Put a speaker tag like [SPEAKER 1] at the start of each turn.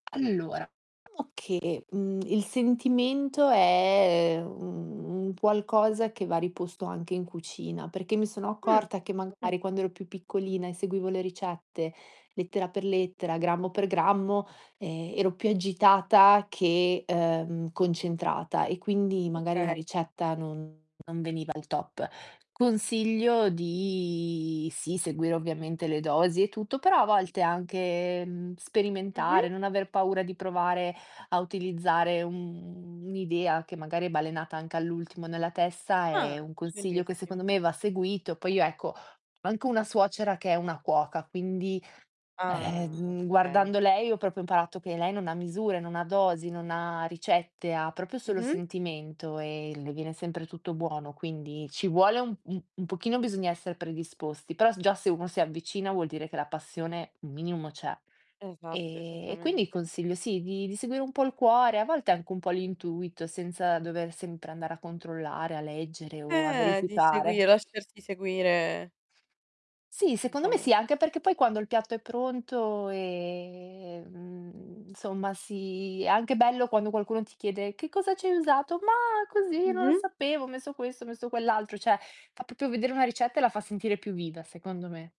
[SPEAKER 1] Allora, o che, mhmm, il sentimento è, mhmm, un un qualcosa che va riposto anche in cucina, perché mi sono
[SPEAKER 2] Mh.
[SPEAKER 1] accorta che magari quando ero più piccolina e seguivo le ricette, lettera per lettera, grammo per grammo, ehm, ero più agitata che, ehm, concentrata e quindi magari la
[SPEAKER 2] Okay.
[SPEAKER 1] ricetta non non veniva al top. Consiglio di sì seguire ovviamente le dosi e tutto, però a volte anche, mhmm, sperimentare,
[SPEAKER 2] Mh-mh.
[SPEAKER 1] non aver paura di provare a utilizzare un, mhmm, un'idea che magari è balenata anche all'ultimo nella testa, è
[SPEAKER 2] Ah,
[SPEAKER 1] un consiglio che
[SPEAKER 2] bellissimo.
[SPEAKER 1] secondo me va seguito. Poi io ecco, ho anche una suocera che è una cuoca, quindi,
[SPEAKER 2] Ah.
[SPEAKER 1] ehm,
[SPEAKER 2] Okay.
[SPEAKER 1] guardando lei ho proprio imparato che lei non ha misure, non ha dosi, non ha ricette, ha proprio solo
[SPEAKER 2] Mh-mh.
[SPEAKER 1] sentimento e le viene sempre tutto buono, quindi ci vuole un un un pochino bisogna essere predisposti, però s già se uno si avvicina, vuol dire che la passione un minimo c'è.
[SPEAKER 2] Esatto,
[SPEAKER 1] Ehm, e quindi
[SPEAKER 2] esattamente.
[SPEAKER 1] consiglio sì, di di seguire un po' il cuore, a volte anche un po' l'intuito senza dover sempre andare a controllare, a leggere o a
[SPEAKER 2] Eh, di
[SPEAKER 1] verificare.
[SPEAKER 2] seguire, lasciarsi seguire
[SPEAKER 1] Sì, secondo me
[SPEAKER 2] diciamo
[SPEAKER 1] sì, anche perché poi quando il piatto è pronto ehm, insomma si, è anche bello quando qualcuno ti chiede: "Che cosa ci hai usato?" "Ma così non lo
[SPEAKER 2] Mh-mh.
[SPEAKER 1] sapevo, ho messo questo, ho messo quell'altro". Cioè, fa proprio vedere una ricetta e la fa sentire più viva secondo me.